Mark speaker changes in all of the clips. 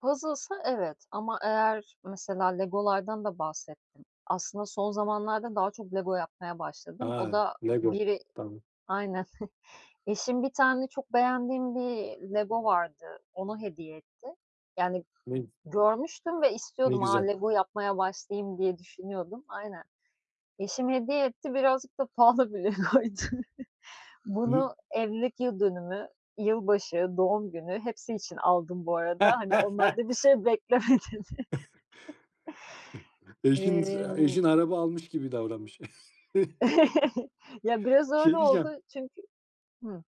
Speaker 1: Puzzle'sa evet ama eğer mesela Lego'lardan da bahsettim aslında. Son zamanlarda daha çok Lego yapmaya başladım. O
Speaker 2: A!
Speaker 1: da
Speaker 2: Lego
Speaker 1: biri
Speaker 2: tamam.
Speaker 1: aynen eşim, bir tane çok beğendiğim bir Lego vardı, onu hediye etti. Yani,
Speaker 2: Min
Speaker 1: görmüştüm ve
Speaker 2: Ne
Speaker 1: istiyordum, a,
Speaker 2: güzel.
Speaker 1: Lego yapmaya başlayayım diye düşünüyordum. Aynen. Eşim hediye etti. Birazcık da pahalı bir Lego'ydu.
Speaker 2: I hı.
Speaker 1: Bunu evlilik yıl dönümü, yılbaşı, doğum günü, hepsi için aldım bu arada. Hani, onlarda bir şey bekleme dedi.
Speaker 2: Eşiniz, eee,
Speaker 1: Emm
Speaker 2: eşin araba almış gibi davranmış.
Speaker 1: Ya, biraz öyle
Speaker 2: Şey
Speaker 1: oldu
Speaker 2: diyeceğim
Speaker 1: çünkü Hı.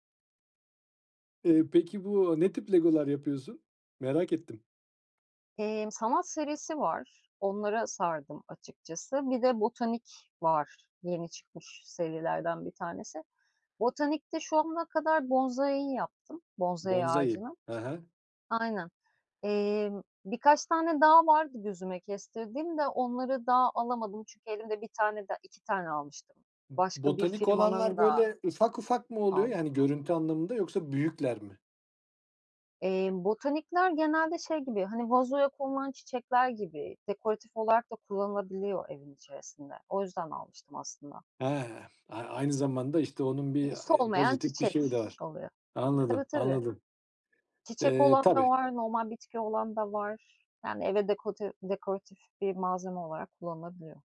Speaker 2: Eee, peki, bu ne tip Lego'lar yapıyorsun? Merak ettim.
Speaker 1: Emm, sanat serisi var, onlara sardım açıkçası. Bir de botanik var, yeni çıkmış serilerden bir tanesi. Botanikte şu ana kadar bonsai'yi yaptım, bonsai
Speaker 2: Bonsai.
Speaker 1: ağacını.
Speaker 2: He he.
Speaker 1: Aynen, emm, birkaç tane daha vardı gözüme kestirdiğim de onları daha alamadım çünkü elimde bir tane de 2 tane almıştım
Speaker 2: B
Speaker 1: başka bir
Speaker 2: botanik olanlar,
Speaker 1: firmanın da
Speaker 2: böyle, ufak ufak mı oluyor,
Speaker 1: aldım.
Speaker 2: yani, görüntü anlamında yoksa büyükler mi?
Speaker 1: Emm, botanikler genelde şey gibi, hani, vazoya konulan çiçekler gibi dekoratif olarak da kullanılabiliyor evin içerisinde o yüzden almıştım aslında.
Speaker 2: He. A aynı zamanda, işte, onun bir,
Speaker 1: İii,
Speaker 2: eee,
Speaker 1: solmayan
Speaker 2: pozitif bir
Speaker 1: çiçek
Speaker 2: şeyi de var.
Speaker 1: oluyor. Tabii
Speaker 2: Anladım,
Speaker 1: tabii.
Speaker 2: anladım.
Speaker 1: Çiçek
Speaker 2: Eee,
Speaker 1: olan da
Speaker 2: tabii.
Speaker 1: var normal bitki olan da var, yani, eve dekote dekoratif bir malzeme olarak kullanılabiliyor.